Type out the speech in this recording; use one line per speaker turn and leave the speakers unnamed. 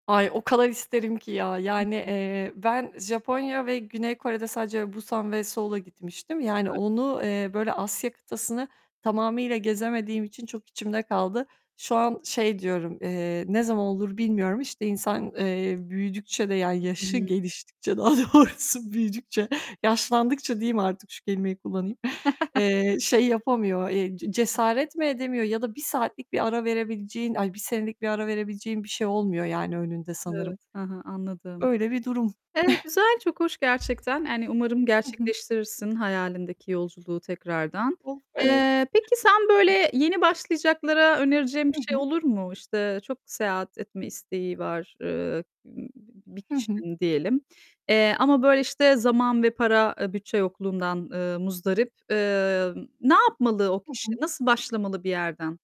Ay, o kadar isterim ki ya
Hı
yani,
hı.
eee, ben Japonya ve Güney Kore'de sadece Busan ve Seul'a gitmiştim, yani
Evet.
onu, eee, böyle Asya kıtasını tamamıyla gezemediğim için çok içimde kaldı. Şu an şey diyorum. Eee, ne zaman olur bilmiyorum. İşte insan, eee, büyüdükçe de yani
Hı
yaşı
hı.
geliştikçe, daha doğrusu büyüdükçe, yaşlandıkça diyeyim artık şu kelimeyi kullanayım, eee, şey yapamıyor, eee, ce
[unintelligible]
cesaret mi edemiyor ya da 1 saatlik bir ara verebileceğin, ay, 1 senelik bir ara verebileceğin bir şey olmuyor yani önünde sanırım.
Evet, hı hı, anladım.
Öyle bir durum.
Eee, güzel, çok hoş gerçekten. Yani umarım
Hı hı.
gerçekleştirirsin hayalindeki yolculuğu tekrardan.
Of, evet.
Eee, peki sen böyle yeni başlayacaklara önereceğin bir
Hı
şey
hı.
olur mu? İşte çok seyahat etme isteği var, eee, b bir
Hı hı.
kişinin diyelim, eee, ama böyle işte zaman ve para, eee, bütçe yokluğundan, eee, muzdarip. Eee, ne yapmalı o
Hı
kişi?
hı.
Nasıl başlamalı bir yerden?